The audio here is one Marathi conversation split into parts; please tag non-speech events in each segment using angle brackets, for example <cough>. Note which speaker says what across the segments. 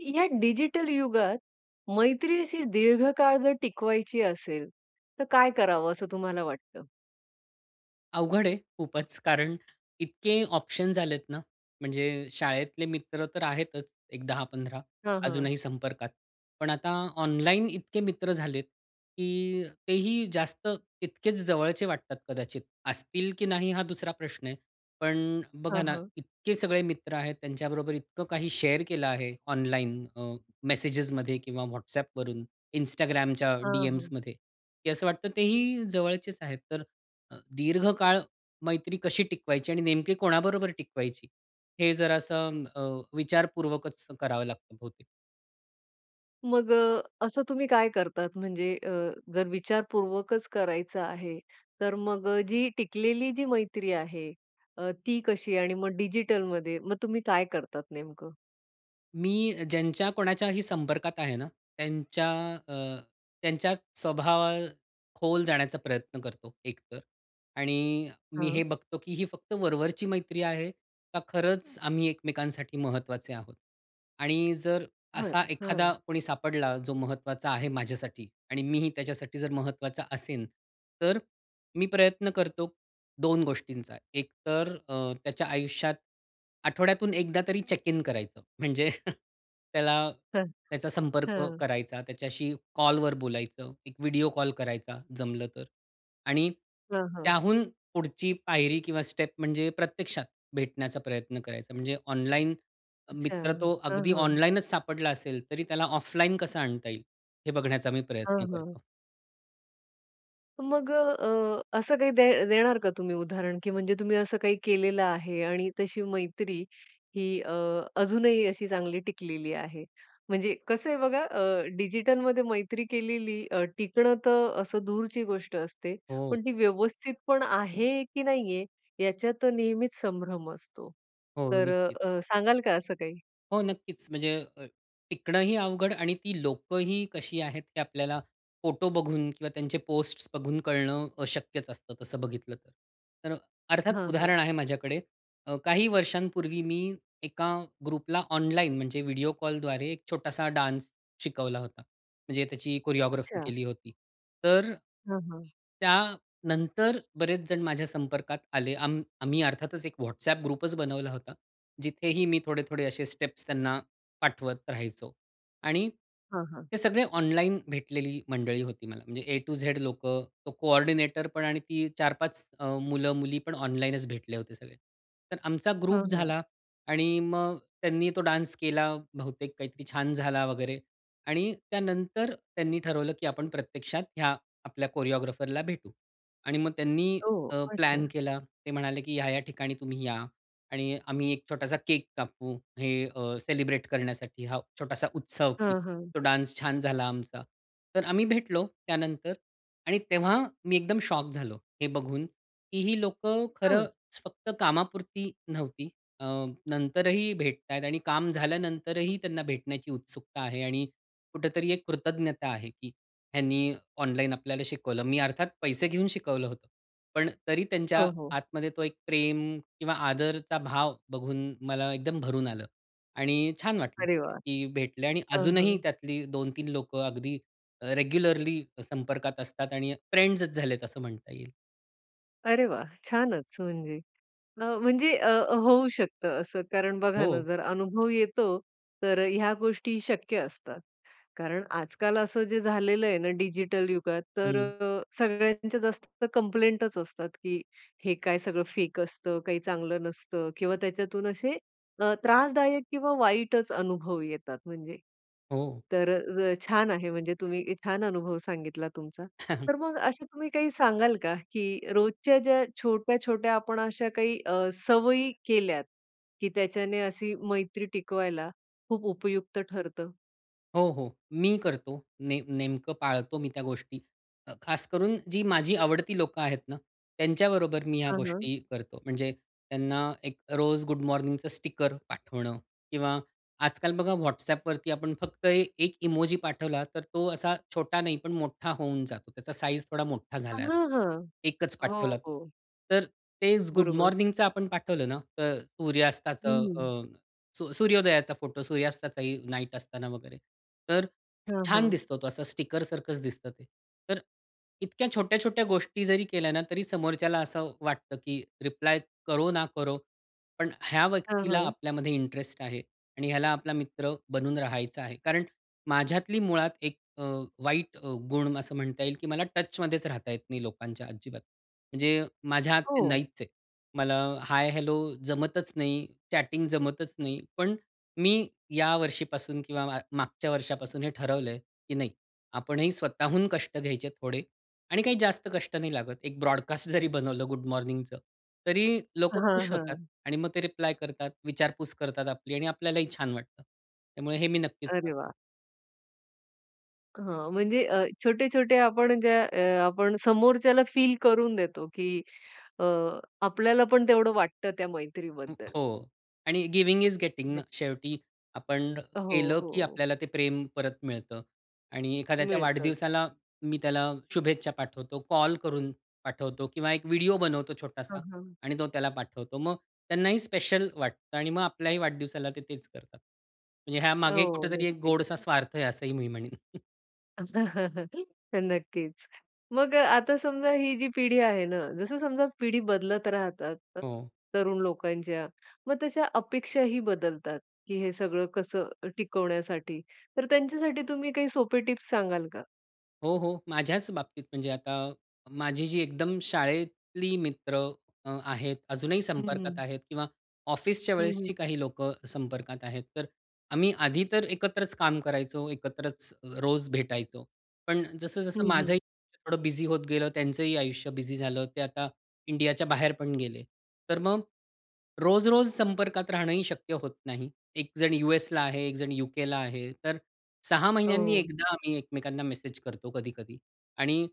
Speaker 1: या डिजिटल युगात मैत्री अशी दीर्घकाळ जर टिकवायची असेल, तर काय करावं असं तुम्हाला वाटतं?
Speaker 2: अवघड आहे खूपचं. कारण इतके ऑप्शन्स झालेत ना, म्हणजे शाळेतले मित्र तर आहेतच एक 10-15
Speaker 1: हां, हां.
Speaker 2: अजूनही संपर्कात. पण आता ऑनलाईन इतके मित्र झालेत की तेही जास्त तितकेच जवळचे वाटतात कदाचित, असतील की नाही हा दुसरा प्रश्न आहे. पण अ, बघा
Speaker 1: हां,
Speaker 2: ना
Speaker 1: हां.
Speaker 2: इतके सगळे मित्र आहेत, त्यांच्याबरोबर इतकं काही शेअर केलं आहे, ऑनलाईन अ, मेसेजमध्ये किंवा WhatsAppवरून Instagramच्या
Speaker 1: हां, हां.
Speaker 2: डीएम्समध्ये की असं वाटतं तेही जवळचेच आहेत. तर अ, दीर्घकाळ मैत्री कशी टिकवायची आणि नेमकी कोणाबरोबर टिकवायची? हे जरा असं अ, विचारपूर्वकच करावं लागतं बहुतेक.
Speaker 1: मग अ, असं तुम्ही काय करतात, म्हणजे अ, जर विचारपूर्वकच करायचं आहे, तर मग जी टिकलेली जी मैत्री आहे अ, ती कशी आणि मग डिजिटल मध्ये मग तुम्ही काय करतात नेमकं?
Speaker 2: मी ज्यांच्या कोणाच्याही संपर्कात आहे ना, त्यांच्या अ, त्यांच्या स्वभावात खोल जाण्याचा प्रयत्न करतो एक तर, आणि मी हे
Speaker 1: हां.
Speaker 2: बघतो की ही फक्त वरवरची मैत्री आहे. का खरंच आम्ही एकमेकांसाठी महत्त्वाचे आहोत? आणि जर
Speaker 1: बरं,
Speaker 2: असा एखादा
Speaker 1: हं.
Speaker 2: कोणी सापडला जो महत्त्वाचा आहे माझ्यासाठी आणि मीही त्याच्यासाठी जर महत्त्वाचा असेन, तर मी प्रयत्न करतो दोन गोष्टींचा. एक तर अ, त्याच्या आयुष्यात आठवड्यातून एकदा तरी चेक इन करायचं, म्हणजे <chuckles> त्याला
Speaker 1: हं,
Speaker 2: त्याचा संपर्क
Speaker 1: हं.
Speaker 2: करायचा, त्याच्याशी कॉल वर बोलायचं, एक व्हिडिओ कॉल करायचा जमलं तर आणि
Speaker 1: हां, हां.
Speaker 2: त्याहून पुढची पायरी किंवा स्टेप म्हणजे प्रत्यक्षात भेटण्याचा प्रयत्न करायचा. म्हणजे ऑनलाइन
Speaker 1: अच्छा.
Speaker 2: मित्र तो
Speaker 1: हां,
Speaker 2: अगदी
Speaker 1: हां.
Speaker 2: ऑनलाइनच सापडला असेल तरी त्याला ऑफलाईन कसं आणता येईल, हे बघण्याचा मी प्रयत्न
Speaker 1: हां, हां.
Speaker 2: करतो.
Speaker 1: मग अ, असं काही दे देणार का तुम्ही उदाहरण? की म्हणजे तुम्ही असं काही केलेलं आहे आणि तशी मैत्री ही अ, अजूनही अशी चांगली टिकलेली आहे. म्हणजे कसं आहे बघा अ, डिजिटलमध्ये मैत्री केलेली अ, टिकणं तर अ, असं दूरची गोष्ट असते,
Speaker 2: हो.
Speaker 1: पण ती व्यवस्थितपण आहे की नाहीये याच्यात नेहमीच संभ्रम असतो.
Speaker 2: हो,
Speaker 1: तर अ,
Speaker 2: नक्कीच.
Speaker 1: अ, सांगाल का असं काही?
Speaker 2: हो, नक्कीच. म्हणजे अ, टिकणंही अवघड आणि ती लोकंही कशी आहेत, हे आपल्याला फोटो बघून किंवा त्यांचे पोस्ट बघून कळणं अशक्यच असतं तसं बघितलं तर. तर अ, अर्थात
Speaker 1: हां, हां.
Speaker 2: उदाहरण आहे माझ्याकडे. अ, काही वर्षांपूर्वी मी एका ग्रुपला ऑनलाईन, म्हणजे व्हिडिओ कॉलद्वारे एक छोटासा डान्स शिकवला होता, म्हणजे त्याची कोरिओग्राफी
Speaker 1: अच्छा.
Speaker 2: केली होती. तर अ,
Speaker 1: हां, हां.
Speaker 2: त्यानंतर
Speaker 1: हं.
Speaker 2: बरेच जण माझ्या संपर्कात आले. आम्ही आम्ही अर्थातच एक WhatsApp ग्रुपच बनवला होता. जिथेही मी थोडे-थोडे असे स्टेप्स त्यांना पाठवत राहायचो. आणि
Speaker 1: हां, हां.
Speaker 2: हे सगळे ऑनलाईन भेटलेली मंडळी होती मला. म्हणजे A टू Z लोकं, तो कोऑर्डिनेटरपण, आणि ती 4-5 अ, मुलं-मुलीपण ऑनलाईनच भेटले होते सगळे. तर आमचा
Speaker 1: हां
Speaker 2: ग्रुप
Speaker 1: हां.
Speaker 2: झाला आणि मग त्यांनी तो डान्स केला, बहुतेक काहीतरी छान झाला वगैरे आणि त्यानंतर त्यांनी ठरवलं, की आपण प्रत्यक्षात ह्या आपल्या कोरिओग्राफरला भेटू. आणि मग त्यांनी
Speaker 1: ओ!
Speaker 2: अ,
Speaker 1: अच्छा.
Speaker 2: प्लॅन केला ते म्हणाले, की ह्या-ह्या ठिकाणी तुम्ही या. आणि आम्ही एक छोटासा केक कापू. हे अ, सेलिब्रेट करण्यासाठी हा छोटासा उत्सव की
Speaker 1: हां, हां.
Speaker 2: तो डान्स छान झाला आमचा. तर आम्ही भेटलो त्यानंतर आणि तेव्हा मी एकदम शॉक झालो. हे बघून की ही लोकं
Speaker 1: हां.
Speaker 2: खरंच फक्त कामापुरती नव्हती, अ, नंतरही भेटतायेत आणि काम झाल्यानंतरही त्यांना भेटण्याची उत्सुकता आहे. आणि कुठेतरी एक कृतज्ञता आहे की ह्यांनी ऑनलाईन आपल्याला शिकवलं. मी अर्थात पैसे घेऊन शिकवलं होतं. पण तरी त्यांच्या
Speaker 1: हो, हो.
Speaker 2: आतमध्ये तो एक प्रेम किंवा आदरचा भाव बघून मला एकदम भरून आलं. आणि छान वाटलं,
Speaker 1: अरे वाह!
Speaker 2: की भेटले आणि
Speaker 1: हां, हां.
Speaker 2: अजूनही त्यातली 2-3 लोकं अगदी अ, रेग्युलरली संपर्कात असतात, आणि फ्रेंड्सच झालेत असं म्हणता येईल.
Speaker 1: अरे वाह! छानच म्हणजे अ, म्हणजे अ, होऊ शकतं असं. कारण बघा ना,
Speaker 2: हो.
Speaker 1: जर अनुभव येतो तर ह्या गोष्टी शक्य असतात. कारण आजकाल असं जे झालेलं आहे ना, डिजिटल युगात तर
Speaker 2: हं.
Speaker 1: सगळ्यांच्या जास्त कंप्लेंटच असतात की हे काय सगळं फेक असतं, काही चांगलं नसतं किंवा त्याच्यातून असे अ, त्रासदायक किंवा वाईटच अनुभव येतात म्हणजे.
Speaker 2: हो.
Speaker 1: तर छान आहे, म्हणजे तुम्ही छान अनुभव सांगितला तुमचा.
Speaker 2: <chuckles>
Speaker 1: तर मग असं तुम्ही काही सांगाल का की रोजच्या ज्या छोट्या-छोट्या आपण अशा काही अ, सवयी केल्यात की त्याच्याने अशी मैत्री टिकवायला खूप उपयुक्त ठरतं?
Speaker 2: हो, हो. मी करतो ने नेमकं पाळतो मी त्या गोष्टी. खास करून जी माझी आवडती लोकं आहेत ना, त्यांच्याबरोबर मी ह्या
Speaker 1: हां, हां.
Speaker 2: गोष्टी करतो. म्हणजे त्यांना एक रोज गुड मॉर्निंगचं स्टिकर पाठवणं किंवा आजकाल बघा WhatsAppवरती आपण फक्त 1 इमोजी पाठवला, तर तो असा छोटा नाही, पण मोठा होऊन जातो, त्याचा साइज थोडा मोठा
Speaker 1: हां,
Speaker 2: झालाय आता.
Speaker 1: हां,
Speaker 2: 1
Speaker 1: हो,
Speaker 2: पाठवला तर
Speaker 1: हो.
Speaker 2: तर तेच गुड
Speaker 1: बरोबर.
Speaker 2: मॉर्निंगचं आपण पाठवलं ना, तर
Speaker 1: हं,
Speaker 2: सूर्यास्ताचं
Speaker 1: हं.
Speaker 2: अ, स सूर्योदयाचा फोटो सूर्यास्ताचाही नाईट असताना वगैरे, तर
Speaker 1: हां,
Speaker 2: छान
Speaker 1: हां.
Speaker 2: दिसतो तो असा स्टिकर सारखंच दिसतं ते. तर इतक्या छोट्या-छोट्या गोष्टी जरी केल्या ना, तरी समोरच्याला असं वाटतं की रिप्लाय करो ना करो, पण ह्या
Speaker 1: हं,
Speaker 2: व्यक्तीला
Speaker 1: हं.
Speaker 2: आपल्यामध्ये इंटरेस्ट आहे, आणि ह्याला आपला मित्र बनून राहायचं आहे. कारण माझ्यातली मुळात एक अ, वाईट गुण असं म्हणता येईल की मला टचमध्येच राहता येत नाही लोकांच्या अजिबात. म्हणजे माझ्यात ते
Speaker 1: हो.
Speaker 2: नाहीच आहे, मला हाय हेलो जमतच नाही, चॅटिंग जमतच नाही, पण मी या वर्षीपासून किंवा मागच्या वर्षापासून हे ठरवलंय की नाही आपणही स्वतःहून कष्ट घ्यायचे थोडे, आणि काही जास्त कष्ट नाही लागत, एक ब्रॉडकास्ट जरी बनवलं गुड मॉर्निंगचं तरी लोकं
Speaker 1: हां,
Speaker 2: खुश होतात
Speaker 1: हां.
Speaker 2: आणि मग ते रिप्लाय करतात, विचारपूस करतात आपली आणि आपल्यालाही छान वाटतं, त्यामुळे हे मी नक्कीच
Speaker 1: अरे
Speaker 2: करतो.
Speaker 1: वाह! हां. म्हणजे अ, छोटे-छोटे आपण ज्या अ, आपण समोरच्याला फील करून देतो, की अ, आपल्याला पण तेवढं वाटतं त्या मैत्रीबद्दल.
Speaker 2: हो. आणि गिव्हिंग इज
Speaker 1: दे
Speaker 2: गेटिंगना. शेवटी आपण
Speaker 1: अ, हो,
Speaker 2: केलं की
Speaker 1: हो.
Speaker 2: आपल्याला ते प्रेम परत मिळतं. आणि एखाद्याच्या
Speaker 1: मिळतं.
Speaker 2: वाढदिवसाला मी त्याला शुभेच्छा पाठवतो, कॉल करून पाठवतो किंवा एक व्हिडिओ बनवतो छोटासा.
Speaker 1: हां, हां.
Speaker 2: आणि तो त्याला पाठवतो. मग त्यांनाही स्पेशल वाटतं आणि मग आपल्याही वाढदिवसाला ते तेच करतात. म्हणजे
Speaker 1: अ,
Speaker 2: ह्यामागे
Speaker 1: हो.
Speaker 2: कुठेतरी एक
Speaker 1: नक्कीच.
Speaker 2: गोडसा स्वार्थ आहे असंही मी म्हणेन. <chuckles>
Speaker 1: <chuckles> तर नक्कीच. मग अ, आता समजा ही जी पिढी आहे ना, जसं समजा पिढी बदलत राहतात अ,
Speaker 2: हो.
Speaker 1: तरुण लोकांच्या. मग तशा अपेक्षाही बदलतात, की हे सगळं कसं अ, टिकवण्यासाठी. तर त्यांच्यासाठी तुम्ही काही सोपे टिप्स सांगाल का?
Speaker 2: हो, हो. माझ्याच बाबतीत म्हणजे आता माझी जी एकदम शाळेतली मित्र अ, आहेत. अजूनही
Speaker 1: हं,
Speaker 2: संपर्कात
Speaker 1: हं.
Speaker 2: आहेत किंवा ऑफिसच्या
Speaker 1: हं, हं.
Speaker 2: वेळेसची काही लोकं संपर्कात आहेत. तर आम्ही आधी तर एकत्रच काम करायचो. एकत्रच रोज भेटायचो. पण
Speaker 1: हं,
Speaker 2: जसं-जसं
Speaker 1: हं.
Speaker 2: माझंही थोडं बिझी होत गेलं, त्यांचंही आयुष्य बिझी झालं, ते आता इंडियाच्या बाहेर पण गेले. तर मग रोज-रोज संपर्कात राहणंही शक्य होत नाही. एक जण यू-एसला आहे, एक जण यु-केला आहे. तर 6 महिन्यांनी
Speaker 1: हो.
Speaker 2: एकदा आम्ही एकमेकांना मेसेज करतो कधी-कधी. आणि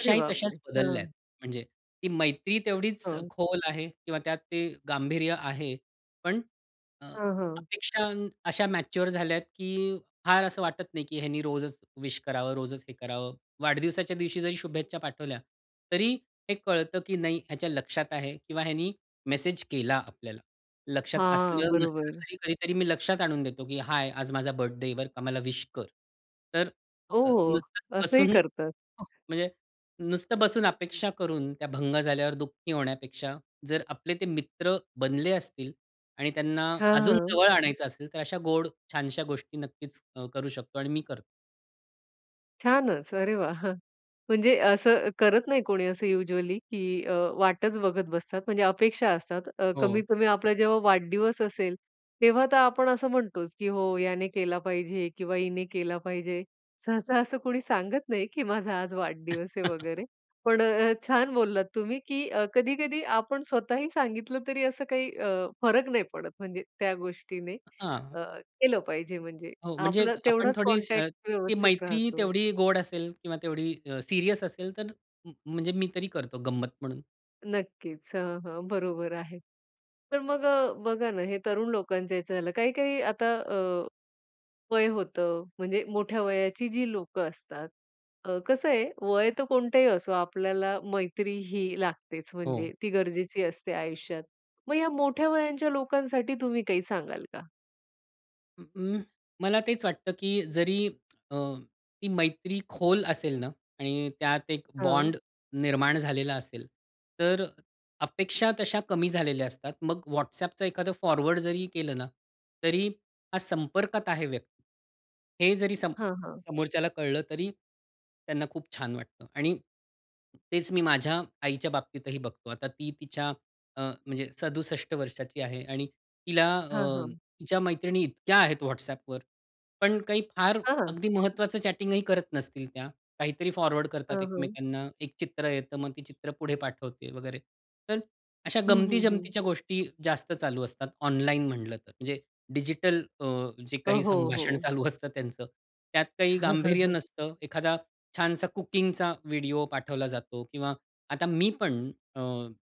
Speaker 1: अरे बापरे!
Speaker 2: तश्याच बदलल्या
Speaker 1: हां.
Speaker 2: आहेत. म्हणजे ती मैत्री तेवढीच
Speaker 1: हां.
Speaker 2: खोल आहे किंवा त्यात ते गांभीर्य आहे. पण अ,
Speaker 1: हां हां.
Speaker 2: अपेक्षा अशा मॅच्युअर झाल्या की फार असं वाटत नाही की ह्यानी रोजच विश करावं, रोजच हे करावं. वाढदिवसाच्या दिवशी जरी शुभेच्छा पाठवल्या तरी हे कळतं की नाही, ह्याच्या लक्षात आहे. किंवा ह्यानी मेसेज केला आपल्याला. लक्षात
Speaker 1: हां,
Speaker 2: असलं-नसलं
Speaker 1: बरोबर.
Speaker 2: तरी कधीतरी मी लक्षात आणून देतो की "हाय, आज माझा बर्थडे आहे, बरं का, मला विश कर." तर
Speaker 1: ओ,
Speaker 2: अ,
Speaker 1: हो!
Speaker 2: नुसतंच
Speaker 1: असंही
Speaker 2: बसून
Speaker 1: करतात.
Speaker 2: म्हणजे नुसतं बसून अपेक्षा करून त्या भंग झाल्यावर दुःखी होण्यापेक्षा, जर आपले ते मित्र बनले असतील आणि त्यांना
Speaker 1: हां
Speaker 2: अजून
Speaker 1: हां.
Speaker 2: जवळ आणायचं असेल तर, अशा गोड छानश्या गोष्टी नक्कीच अ, करू शकतो आणि मी करतो.
Speaker 1: छानच! अरे वाह! म्हणजे असं करत नाही कोणी असं युजुअली, की अ, वाटच बघत बसतात, म्हणजे अपेक्षा असतात. अ,
Speaker 2: हो.
Speaker 1: कमीत-कमी आपला जेव्हा वाढदिवस असेल तेव्हा तर आपण असं म्हणतोच, की हो याने केला पाहिजे किंवा हिने केला पाहिजे. सहसा असं कोणी सांगत नाही, की माझा आज वाढदिवस आहे
Speaker 2: <chuckles>
Speaker 1: वगैरे पण अ, छान बोललात तुम्ही की अ, कधी-कधी आपण स्वतःही सांगितलं तरी असं काही अ, फरक नाही पडत म्हणजे त्या गोष्टीने.
Speaker 2: हां.
Speaker 1: अ, केलं पाहिजे म्हणजे.
Speaker 2: हो, म्हणजे एक
Speaker 1: आपलं
Speaker 2: आपण
Speaker 1: तेवढाच
Speaker 2: थोडी अ, स
Speaker 1: कॉनटॅक्ट
Speaker 2: ती
Speaker 1: व्यवस्थित
Speaker 2: मैत्री
Speaker 1: राहतो.
Speaker 2: तेवढी गोड असेल किंवा तेवढी अ, सीरियस असेल तर म म्हणजे मी तरी करतो गंमत म्हणून.
Speaker 1: नक्कीच. हां, हां, बरोबर आहे. तर मग बघा ना, हे तरुण लोकांच्या ह्याचं झालं. काही-काही आता अ, वय होतं, म्हणजे मोठ्या वयाची जी लोकं असतात. अ, कसं आहे वय तर कोणतही असो आपल्याला मैत्री ही लागतेच
Speaker 2: हो.
Speaker 1: म्हणजे, ती गरजेची असते आयुष्यात. मग या मोठ्या वयाच्या लोकांसाठी तुम्ही काही सांगाल का?
Speaker 2: अ, अं, मला तेच वाटतं की जरी अ, ती मैत्री खोल असेल ना आणि त्यात एक
Speaker 1: हां.
Speaker 2: बॉन्ड निर्माण झालेला असेल, तर अ अपेक्षा तशा कमी झालेल्या असतात. मग व्हॉट्सॲपचं एखादं फॉरवर्ड जरी केलं ना तरी हा संपर्कात आहे व्यक्ती. हे जरी समो
Speaker 1: हां, हां.
Speaker 2: समोरच्याला कळलं तरी त्यांना खूप छान वाटतं आणि तेच मी माझ्या आईच्या बाबतीतही बघतो. आता ती तिच्या अ, म्हणजे 67 वर्षाची आहे आणि तिला
Speaker 1: हां,
Speaker 2: अ,
Speaker 1: हां.
Speaker 2: तिच्या मैत्रिणी इतक्या आहेत व्हॉट्सॲपवर, पण काही फार
Speaker 1: हां.
Speaker 2: अगदी महत्त्वाचं चॅटिंगही करत नसतील त्या. काहीतरी फॉरवर्ड करतात
Speaker 1: हां, हां.
Speaker 2: एकमेकांना एक चित्र येतं, मग ती चित्र पुढे पाठवते वगैरे. तर अशा
Speaker 1: हं, हं, हं.
Speaker 2: गमती-जमतीच्या गोष्टी जास्त चालू असतात ऑनलाईन म्हटलं तर. म्हणजे डिजिटल अ, जे
Speaker 1: अ,
Speaker 2: काही
Speaker 1: हो,
Speaker 2: संभाषण
Speaker 1: हो.
Speaker 2: चालू असतं त्यांचं. त्यात काही गांभीर्य
Speaker 1: <chuckles>
Speaker 2: नसतं. एखादा छानसा कुकिंगचा व्हिडिओ पाठवला जातो किंवा आता मी पण अ,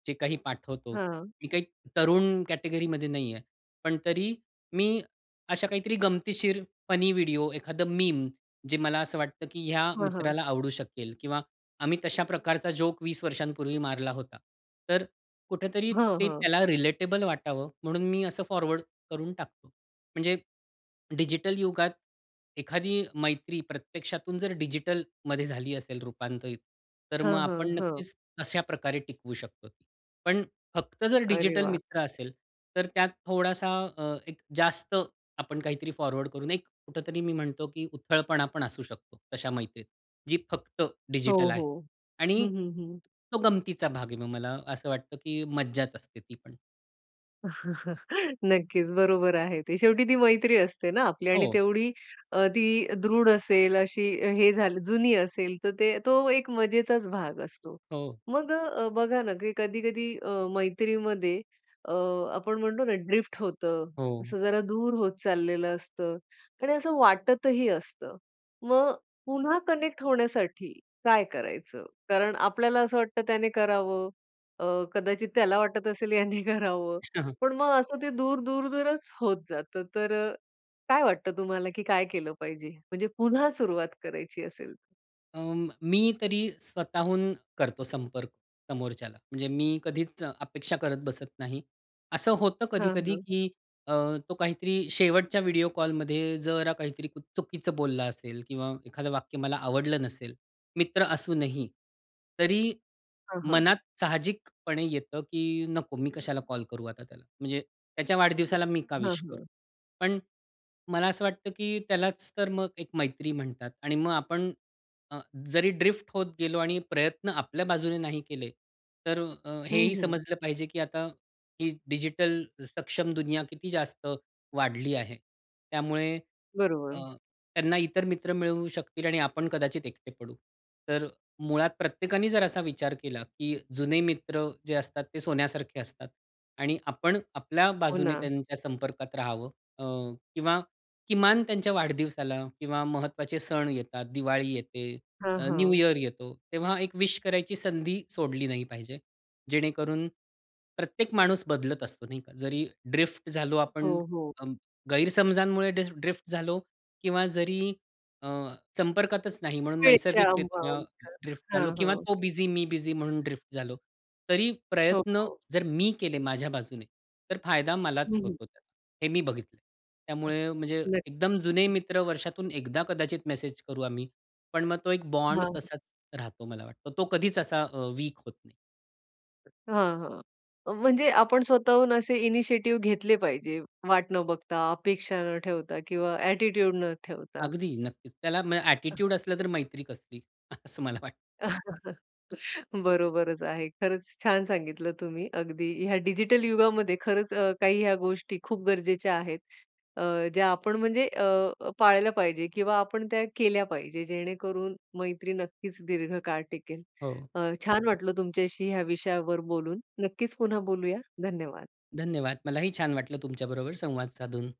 Speaker 2: जे काही पाठवतो,
Speaker 1: हां.
Speaker 2: मी काही तरुण कॅटेगरीमध्ये नाही आहे. पण तरी मी अशा काहीतरी गंमतीशीर फनी व्हिडिओ. एखादं मीम, जे मला असं वाटतं की या
Speaker 1: हां, हां.
Speaker 2: मित्राला आवडू शकेल किंवा आम्ही तशा प्रकारचा जोक 20 वर्षांपूर्वी मारला होता. तर अ, कुठेतरी
Speaker 1: हं,
Speaker 2: ते
Speaker 1: हां.
Speaker 2: त्याला रिलेटेबल वाटावं म्हणून मी असं फॉरवर्ड करून टाकतो. म्हणजे डिजिटल युगात एखादी मैत्री प्रत्यक्षातून जर डिजिटलमध्ये झाली असेल रूपांतरित तर मग
Speaker 1: हां, हां,
Speaker 2: आपण
Speaker 1: हं.
Speaker 2: नक्कीच अशा प्रकारे टिकवू शकतो. पण फक्त जर
Speaker 1: अरे
Speaker 2: डिजिटल
Speaker 1: वाह!
Speaker 2: मित्र असेल तर त्यात थोडासा अ, एक जास्त आपण काहीतरी फॉरवर्ड करू नाही, कुठेतरी मी म्हणतो की उथळपणा पण असू शकतो तशा मैत्रीत. जी फक्त
Speaker 1: हो,
Speaker 2: डिजिटल आहे
Speaker 1: हो,
Speaker 2: आणि
Speaker 1: हं, हं, हं.
Speaker 2: तो गमतीचा भाग आहे मग मला असं वाटतं की मज्जाच असते ती पण.
Speaker 1: <chuckles> नक्कीच. बरोबर आहे ते. शेवटी ती मैत्री असते ना आपली आणि
Speaker 2: हो.
Speaker 1: तेवढी अ, ती दृढ असेल अशी हे झालं जुनी असेल तर ते तो एक मजेचाच भाग असतो.
Speaker 2: हो.
Speaker 1: मग अ, बघा ना की कधी-कधी अ, मैत्रीमध्ये अ, आपण म्हणतो ना ड्रिफ्ट होतं.
Speaker 2: हो.
Speaker 1: असं जरा दूर होत चाललेल असतं आणि असं वाटतही असतं. मग पुन्हा कनेक्ट होण्यासाठी काय करायचं? कारण आपल्याला असं वाटतं त्याने करावं, अ, कदाचित त्याला वाटत असेल ह्याने करावं,
Speaker 2: <chuckles>
Speaker 1: पण मग असं ते दूर-दूरच होत जातं. तर अ, काय वाटतं तुम्हाला की काय केलं पाहिजे, म्हणजे पुन्हा सुरुवात करायची असेल तर?
Speaker 2: अ, मी तरी स्वतःहून करतो संपर्क समोरच्याला. म्हणजे मी कधीच अपेक्षा करत बसत नाही. असं होतं
Speaker 1: हां,
Speaker 2: कधी-कधी
Speaker 1: हां.
Speaker 2: की अ, तो काहीतरी शेवटच्या व्हिडिओ कॉलमध्ये जरा काहीतरी चुकीचं बोलला असेल किंवा एखादं वाक्य मला आवडलं नसेल, मित्र असूनही, तरी
Speaker 1: हां, हां.
Speaker 2: मनात साहजिकपणे येतं, की नको मी कशाला कॉल करू आता त्याला, म्हणजे त्याच्या वाढदिवसाला मी का
Speaker 1: हां,
Speaker 2: विश करू?
Speaker 1: हां.
Speaker 2: पण मला असं वाटतं की त्यालाच तर अ, मग एक मैत्री म्हणतात आणि मग आपण अ, जरी ड्रिफ्ट होत गेलो आणि प्रयत्न आपल्या बाजूने नाही केले तर अ, हे
Speaker 1: हं,
Speaker 2: ही
Speaker 1: हं.
Speaker 2: समजलं पाहिजे, की आता ही डिजिटल सक्षम दुनिया किती जास्त वाढली आहे. त्यामुळे अ,
Speaker 1: बरोबर.
Speaker 2: त्यांना इतर मित्र मिळू शकतील आणि आपण कदाचित एकटे पडू. तर मुळात प्रत्येकाने जर असा विचार केला, की जुने मित्र जे असतात ते सोन्यासारखे असतात आणि आपण आपल्या
Speaker 1: हो
Speaker 2: बाजूने
Speaker 1: ना.
Speaker 2: त्यांच्या संपर्कात रहावं अ, किंवा किमान त्यांच्या वाढदिवसाला किंवा महत्त्वाचे सण येतात, दिवाळी येते,
Speaker 1: हां,
Speaker 2: अ, न्यू
Speaker 1: हां.
Speaker 2: इयर येतो तेव्हा एक विश करायची संधी सोडली नाही पाहिजे. जेणेकरून, प्रत्येक माणूस बदलत असतो नाही का. जरी ड्रिफ्ट झालो आपण
Speaker 1: हो, हो.
Speaker 2: अ, गैरसमजांमुळे ड्रि ड्रिफ्ट झालो किंवा जरी अ, संपर्कातच नाही, म्हणून
Speaker 1: वेळेच्या
Speaker 2: नैसर्गिकरित्या
Speaker 1: <unintelligible>
Speaker 2: ड्रिफ्ट
Speaker 1: हां,
Speaker 2: झालो किंवा
Speaker 1: हां.
Speaker 2: तो बिझी मी बिझी म्हणून ड्रिफ्ट झालो. तरी
Speaker 1: हो,
Speaker 2: प्रयत्न
Speaker 1: हो.
Speaker 2: जर मी केले माझ्या बाजूने तर फायदा
Speaker 1: हं,
Speaker 2: मलाच
Speaker 1: हं.
Speaker 2: होतो त्याचा हे मी बघितलंय. त्यामुळे म्हणजे
Speaker 1: नक्की.
Speaker 2: एकदम जुने मित्र वर्षातून एकदा कदाचित मेसेज करू आम्ही, पण मग तो एक
Speaker 1: हां,
Speaker 2: बॉन्ड
Speaker 1: हां.
Speaker 2: तसाच राहतो मला वाटतं. तो कधीच असा अ, वीक होत नाही.
Speaker 1: हां, हां, म्हणजे आपण स्वतःहून असे इनिशिएटिव घेतले पाहिजे. वाट न बघता, अपेक्षा न ठेवता किंवा ॲटिट्यूड न ठेवता.
Speaker 2: अगदी. नक्कीच त्याला म ॲटिट्यूड असलं तर मैत्री कसली? असं मला वाटतं.
Speaker 1: <chuckles> बरोबरच आहे. खरंच छान सांगितलं तुम्ही. अगदी ह्या डिजिटल युगामध्ये खरंच अ, काही ह्या गोष्टी खूप गरजेच्या आहेत. अ, ज्या आपण म्हणजे अ, पाळल्या पाहिजे किंवा आपण त्या केल्या पाहिजे, जेणेकरून मैत्री नक्कीच दीर्घकाळ टिकेल.
Speaker 2: हो.
Speaker 1: अ, छान वाटलं तुमच्याशी ह्या विषयावर बोलून. नक्कीच पुन्हा बोलूया. धन्यवाद.
Speaker 2: धन्यवाद. मलाही छान वाटलं तुमच्याबरोबर संवाद साधून.